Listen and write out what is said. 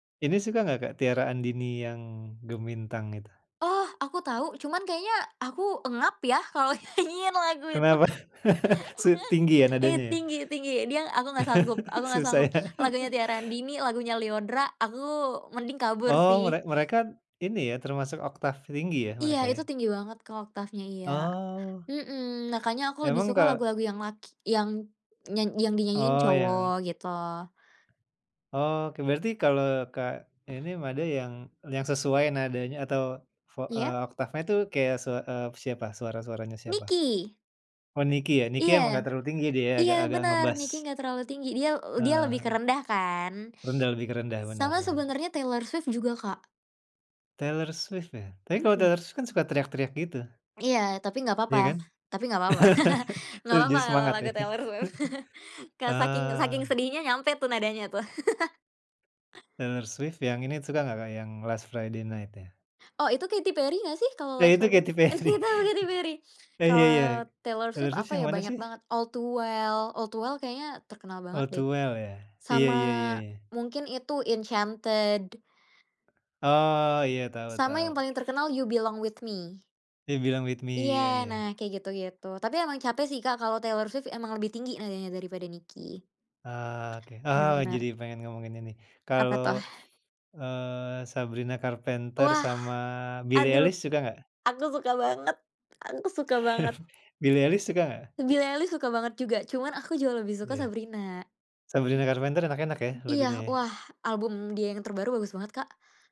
Ini suka nggak, Kak, Tiara Andini yang "Gemintang" itu? Oh, aku tahu cuman kayaknya aku engap ya kalau nyanyiin lagu itu Kenapa? ngang Su tinggi ya i nadanya ya? tinggi tinggi, dia aku nggak sanggup aku gak Susah sanggup ya. lagunya Tiara Andini, lagunya Lyodra, aku mending kabur Oh, sih. merek mereka ini ya termasuk oktaf tinggi ya Iya mereka ya. itu tinggi banget, Kak, oktafnya, iya. Oh. Mmm, makanya aku lebih Emang suka kal lagu-lagu yang laki yang nyan yang dinyanyiin Oh, cowok yang gitu loh. Oke, berarti kalau, Kak, inim ada yang yang sesuai nadanya atau vo Iya. eee, oktafnya itu kayak se eee, siapa? Suara-suaranya siapa? Niki. Oh, Niki ya, Niki Iya. emang nggak terlalu tinggi dia Iya, agak-agak bener Niki ngebas. enggak terlalu tinggi dia dia lebih ke Heeh. rendah kan, Rendah, lebih ke rendah. Benar sama benar. sebenernya Taylor Swift juga, Kak. Taylor Swift ya, tapi kalo Mhm. Taylor Swift kan suka teriak-teriak gitu. Iya, tapi nggak papa Iya kan? tapi nggak papa. Nggak Justru papa kalau semangat ya. lagu Taylor Swift. ke saking saking Ah. sedihnya nyampe tuh nadanya tuh. Taylor Swift yang ini suka nggak, Kak, yang "Last Friday Night" ya? Oh, itu Katy Perry nggak sih kalau Lah, "Last itu Friday"? Katy Perry. Gak tau, Katy Perry. Nah, ya ya. Kalau Taylor Taylor Swift Swift apa yang ya mana banyak sih? banget "All To Well," "All To Well" kayaknya terkenal banget All to deh Well ya. Iya sama iya iya. mungkin itu "Enchanted." Oh, iya tau Sama yang tau. paling terkenal You Belong with Me. You Belong with Iya, Me, iya nah iya. kayak gitu-gitu. Tapi emang capek sih, Kak, kalau Taylor Swift emang lebih tinggi nadanya daripada Niki. Eee, oke. Eee, Bener. jadi pengen ngomongin ini. Apa Kalau, tuh? eee, Sabrina Carpenter Wah. sama Billy Aduh, Eilish suka nggak? aku suka banget aku suka banget. Billy Eilish suka nggak? Billy Eilish suka banget juga cuman aku jauh lebih suka Ya. Sabrina. Sabrina Carpenter enak-enak ya lagunya Iya, ya. wah album dia yang terbaru bagus banget, Kak.